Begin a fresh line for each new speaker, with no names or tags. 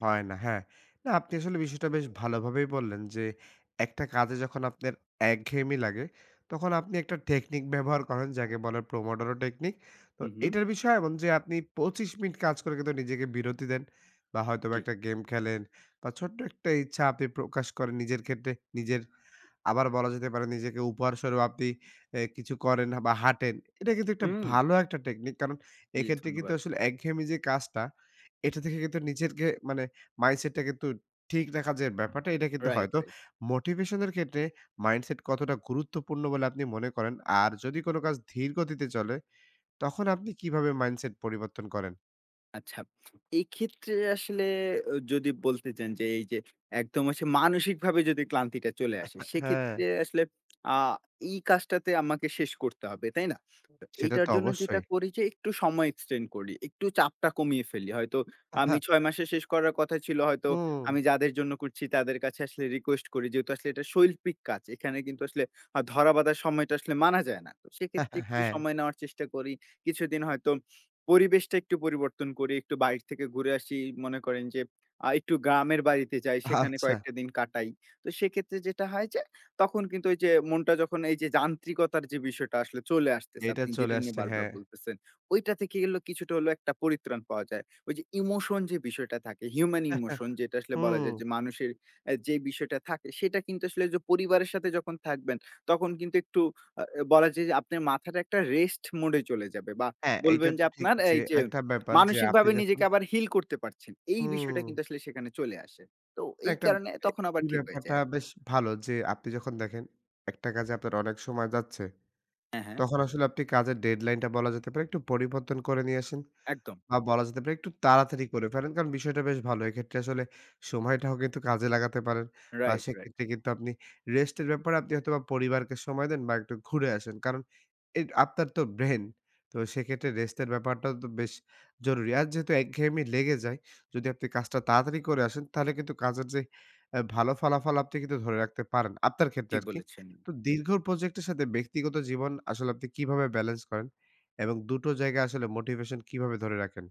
হয় না। হ্যাঁ। না আপনি আসলে বিষয়টা বেশ ভালো ভাবেই বললেন যে, একটা কাজে যখন আপনার একঘেয়েমি লাগে, তখন আপনি একটা টেকনিক ব্যবহার করেন। যাকে বলে "Pomodoro Technique." তো
হু, হু।
এটার বিষয় এমন যে, আপনি ২৫ মিনিট কাজ করে কিন্তু নিজেকে বিরতি দেন বা হয়তোবা
জি।
একটা গেম খেলেন বা ছোট্ট একটা ইচ্ছা আপনি প্রকাশ করেন নিজের ক্ষেত্রে নিজের। আবার বলা যেতে পারে নিজেকে উপহারস্বরূপ আপনি এ কিছু করেন বা হাঁটেন। এটা কিন্তু একটা
হুম।
ভালো একটা টেকনিক। কারণ
জি।
এক্ষেত্রে কিন্তু
ধন্যবাদ।
আসলে একঘেয়েমি যে কাজটা, এটা থেকে কিন্তু নিজেরকে মানে মাইন্ডসেটটা কিন্তু ঠিক রাখার যে ব্যাপারটা এটা কিন্তু হয়।
রাইট।
তো
রাইট।
মোটিভেশন এর ক্ষেত্রে মাইন্ডসেট কতটা গুরুত্বপূর্ণ বলে আপনি মনে করেন? আর যদি কোনো কাজ ধীর গতিতে চলে তখন আপনি কিভাবে মাইন্ডসেট পরিবর্তন করেন?
আচ্ছা। এক্ষেত্রে আসলে আ যদি বলতে চান যে, এইযে একদম আসে মানসিকভাবে যদি ক্লান্তিটা চলে আসে,
হ্যাঁ।
সেক্ষেত্রে আসলে অ্যা এই কাজটাতে আমাকে শেষ করতে হবে, তাই না? তো
সেটা
এটার
তো
জন্য যেটা
অবশ্যই।
করি যে একটু সময় এক্সটেন্ড করি, একটু চাপটা কমিয়ে ফেলি। হয়তো
অ্যা
আমি
হ্যাঁ।
৬ মাসে শেষ করার কথা ছিল হয়তো।
হুম।
আমি যাদের জন্য করছি তাদের কাছে আসলে রিকোয়েস্ট করি। যেহেতু আসলে এটা শৈল্পিক কাজ। এখানে কিন্তু আসলে আ ধরা বাঁধার সময়টা আসলে মানা যায় না। তো
অ্যা
সেক্ষেত্রে একটু
হ্যাঁ।
সময় নেওয়ার চেষ্টা করি। কিছুদিন হয়তো পরিবেশটা একটু পরিবর্তন করি, একটু বাইর থেকে ঘুরে আসি। এই মনে করেন যে, আ একটু গ্রামের বাড়িতে যাই, সেখানে
আচ্ছা।
কয়েকটা দিন কাটাই। তো সেক্ষেত্রে যেটা হয় যে, তখন কিন্তু ওইযে মনটা যখন এইযে যান্ত্রিকতার যে বিষয়টা আসলে চলে আসতেছে
এটা
আপনি
চলে
যেটা নিয়ে
আসছে,
বারবার
হ্যাঁ।
বলতেছেন। ঐটা থেকে গেলো কিছু হলো একটা পরিত্রাণ পাওয়া যায়। ওইযে ইমোশন যে বিষয়টা থাকে, হিউমেন ইমোশন যেটা আসলে
হু।
বলা যায় যে মানুষের এ যে বিষয়টা থাকে। সেটা কিন্তু আসলে ঐযে পরিবারের সাথে যখন থাকবেন, তখন কিন্তু একটু অ বলা যায় যে আপনার মাথাটা একটা রেস্ট মোড এ চলে যাবে বা
হ্যাঁ। এইটা
বলবেন যে
তো ঠিক
আপনার
যে
এইযে,
একটা ব্যাপার। যে আপনি
মানসিকভাবে
যখন
নিজেকে আবার হিল করতে পারছেন। এই বিষয়টা
হুম।
কিন্তু আসলে সেখানে চলে আসে। তো এই
একটা
কারণে
এ
তখন আবার ঠিক হয়ে
ব্যাপারটা
যায়।
বেশ ভালো। যে আপনি যখন দেখেন একটা কাজে আপনার অনেক সময় যাচ্ছে।
হ্যাঁ, হ্যাঁ।
তখন আসলে আপনি কাজের ডেডলাইনটা বলা যেতে পারে একটু পরিবর্তন করে নিয়ে আসেন
একদম।
বা বলা যেতে পারে একটু তাড়াতাড়ি করে ফেলেন। কারণ বিষয়টা বেশ ভালো। এক্ষেত্রে আসলে সময়টাও কিন্তু কাজে লাগাতে পারেন বা
রাইট। রাইট।
সেক্ষেত্রে কিন্তু আপনি রেস্টের ব্যাপারে আপনি হয়তোবা পরিবারকে সময় দেন বা একটু ঘুরে আসেন। কারণ এ আপনার তো ব্রেন। তো সেক্ষেত্রে রেস্টের ব্যাপারটাও তো বেশ জরুরি। আর যেহেতু একঘেয়েমি লেগে যায়। যদি আপনি কাজটা তাড়াতাড়ি করে আসেন, তাহলে কিন্তু কাজের যে অ্যা ভালো ফলাফল আপনি কিন্তু ধরে রাখতে পারেন। আপনার ক্ষেত্রে
ঠিক
আরকি।
বলেছেন।
তো দীর্ঘ প্রজেক্ট এর সাথে ব্যক্তিগত জীবন আসলে আপনি কিভাবে বেলেন্স করেন এবং দুটো জায়গায় আসলে মোটিভেশন কিভাবে ধরে রাখেন?